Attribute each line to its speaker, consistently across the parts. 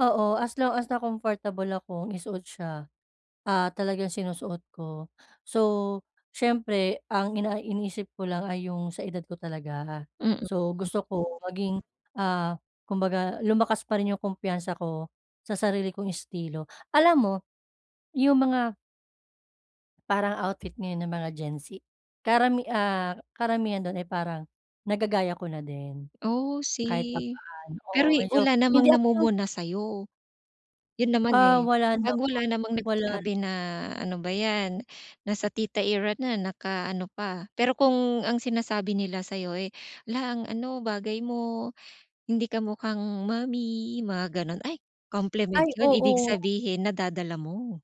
Speaker 1: Oo, as long as na comfortable akong isuot siya, ah, talagang sinusuot ko. So, siyempre ang ina iniisip ko lang ay 'yong sa edad ko talaga,
Speaker 2: Mm,
Speaker 1: so
Speaker 2: hmm.
Speaker 1: gusto ko maging, ah, kumbaga lumakas pa rin 'yong kumpiyansa ko, sa sarili kong istilo. Alam mo 'yong mga parang outfit ngayon ng mga Gen Z, karami ah, karamihan dun ay parang, nagagaya ko na din.
Speaker 2: Oh,
Speaker 1: Kahit
Speaker 2: see,
Speaker 1: papaano oo
Speaker 2: pero e
Speaker 1: medyo
Speaker 2: wala
Speaker 1: hindi
Speaker 2: namang
Speaker 1: ako yung
Speaker 2: namumuna sayo? 'Yun naman'
Speaker 1: Ah,
Speaker 2: eh'
Speaker 1: wala
Speaker 2: 'pag
Speaker 1: naman,
Speaker 2: wala namang
Speaker 1: wala n
Speaker 2: nagsasabi na, "Ano ba yan, nasa tita era na naka-ano pa." Pero kung ang sinasabi nila sayo, eh,"Hala ang ano, bagay mo hindi ka mukhang mommy," mga ganon ay compliment
Speaker 1: Ay
Speaker 2: yun ibig
Speaker 1: oo.
Speaker 2: sabihin nadadala mo.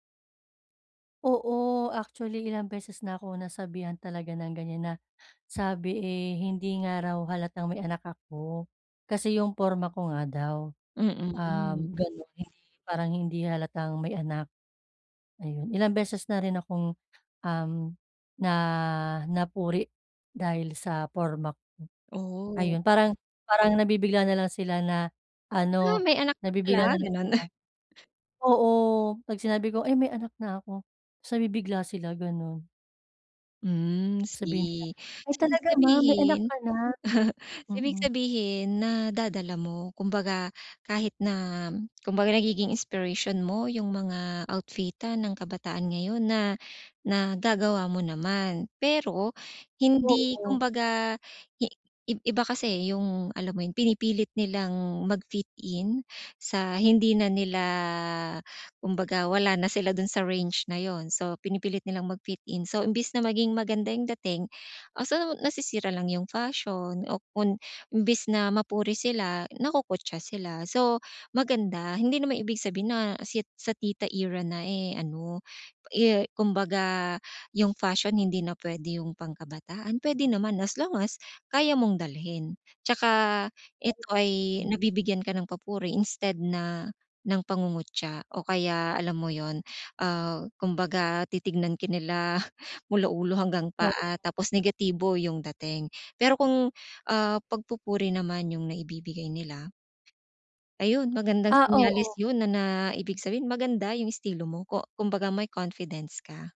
Speaker 1: Oo, actually ilang beses na ako nasabihan talaga ng ganiyan na sabi, eh, hindi nga raw halatang may anak ako kasi 'yong porma ko nga daw.
Speaker 2: Mm.
Speaker 1: Um, gano'n hindi parang hindi halatang may anak, ayun. Ilang beses na rin akong, um, na napuri dahil sa porma ko.
Speaker 2: Oh.
Speaker 1: Ayun parang parang nabibigla nalang sila na
Speaker 2: "Ah
Speaker 1: ano,
Speaker 2: may anak ka pala?"
Speaker 1: nabibigla nalang
Speaker 2: Ganun.
Speaker 1: sila oo, kapag sinabi ko, "Eh may anak na ako," tapos nabibigla sila ganon.
Speaker 2: Hmm,
Speaker 1: Sabihin nila,
Speaker 2: see,
Speaker 1: "Ay
Speaker 2: so ibig
Speaker 1: talaga ma'am, may anak
Speaker 2: sabihin
Speaker 1: ka na?"
Speaker 2: ibig
Speaker 1: Mm.
Speaker 2: sabihin nadadala mo, kumbaga kahit na kumbaga nagiging inspiration mo 'yung mga outfitan ng kabataan ngayon na nagagawa mo naman, pero hindi
Speaker 1: Oo.
Speaker 2: kumbaga, hi iba kasi 'yung alam mo 'yun pinipilit nilang mag-fit in, sa hindi na nila kumbaga wala na sila dun sa range na 'yun, so pinipilit nilang mag-fit in, so imbis na maging maganda 'yung dating, ah, so nasisira lang 'yung fashion o kun imbis na mapuri sila nakukutya sila, so maganda, hindi naman ibig sabihin na si sa tita era na, eh, ano, eh, kumbaga ,yung fashion hindi na puwede 'yung pangkabataan, puwede naman as long as kaya mong dalhin. At saka ito
Speaker 1: [unintelligible]
Speaker 2: ay
Speaker 1: Hmm.
Speaker 2: nabibigyan ka ng papuri instead na, ng pangungutya o kaya alam mo 'yun, ah, kumbaga titignan ka nila mula ulo hanggang
Speaker 1: O
Speaker 2: paa tapos negatibo 'yung dating. Pero kung, ah, pagpupuri naman 'yung naibibigay nila ayun magandang
Speaker 1: Ah
Speaker 2: senyales
Speaker 1: oo.
Speaker 2: 'yun na na ibig sabihin maganda 'yung estilo mo, ko kumbaga may confidence ka.